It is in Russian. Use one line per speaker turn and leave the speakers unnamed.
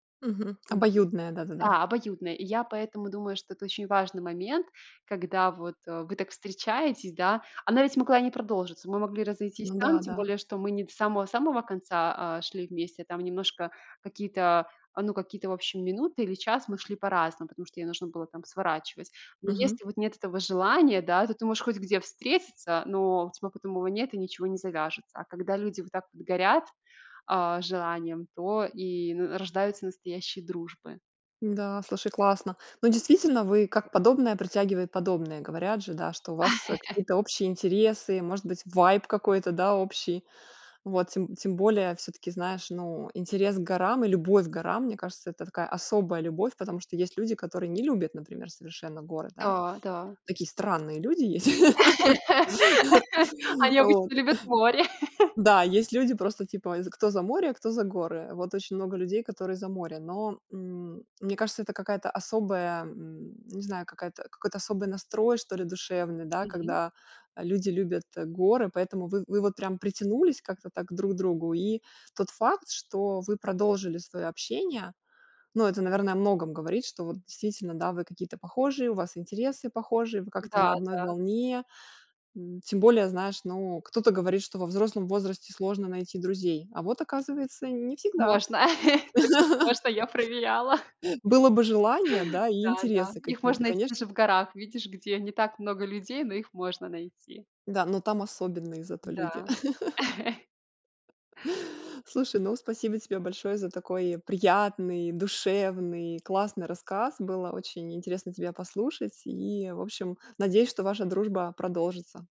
Мгм.
Мгм.
Обоюдная, да-да-да.
Да, обоюдная. И я поэтому думаю, что это очень важный момент, когда вот, э, вы так встречаетесь, да. Она ведь могла и не продолжиться. Мы могли разойтись
Ну,
там, тем
да-да.
более что мы не до самого-самого конца, а, шли вместе, а там немножко, какие-то, ну, какие-то, вообщем минуты или час мы шли по-разному, потому что ей нужно было там сворачивать. Но
Мгм.
если вот нет этого желания, да, то ты можешь хоть где встретиться, но у тебя потом его нет и ничего не завяжется. А когда люди вот так вот горят, а-а, желанием, то и н н рождаются настоящие дружбы.
Да, слушай, классно. Ну, действительно, вы, как подобное притягивает подобное. Говорят же, да, что у вас, э, какие-то общие интересы, может быть vibe какой-то, да, общий вот. Тем тем более, всё-таки, знаешь, ну, интерес к горам и любовь к горам, мне кажется, это такая особая любовь. Потому что есть люди, которые не любят, например, совершенно горы, да.
Да, да.
Такие странные люди есть вот.
Они обычно любят море.
Да, есть люди просто типа е кто за море, кто за горы. Вот очень много людей, которые за море. Но, мм, мне кажется, это какая-то особая, мм, не знаю, какая-то, какой-то особый настрой, что ли душевный, да.
Мгм.
Когда, э, люди любят, э, горы, поэтому вы вы вот прям притянулись как-то так к друг другу и тот факт, что вы продолжили свое общение, ну, это, наверно, о многом говорит, что вот действительно, да, вы какие-то похожие, у вас интересы похожие, вы как-то на
Да,
одной
да.
волне. Мм, тем более, знаешь, ну, кто-то говорит, что во взрослом возрасте сложно найти друзей, а вот оказывается не всегда.
Можно. Точно можно. Я проверяла.
было бы желание, да, и
Да-да.
интересы
Их
какие-то,
можно найти
конечно.
даже в горах. Видишь, где не так много людей, но их можно найти.
Да, но там особенные зато
Да.
люди Слушай, ну, спасибо тебе большое за такой приятный, душевный, классный рассказ. Было очень интересно тебя послушать. И, в общем, надеюсь, что ваша дружба продолжится.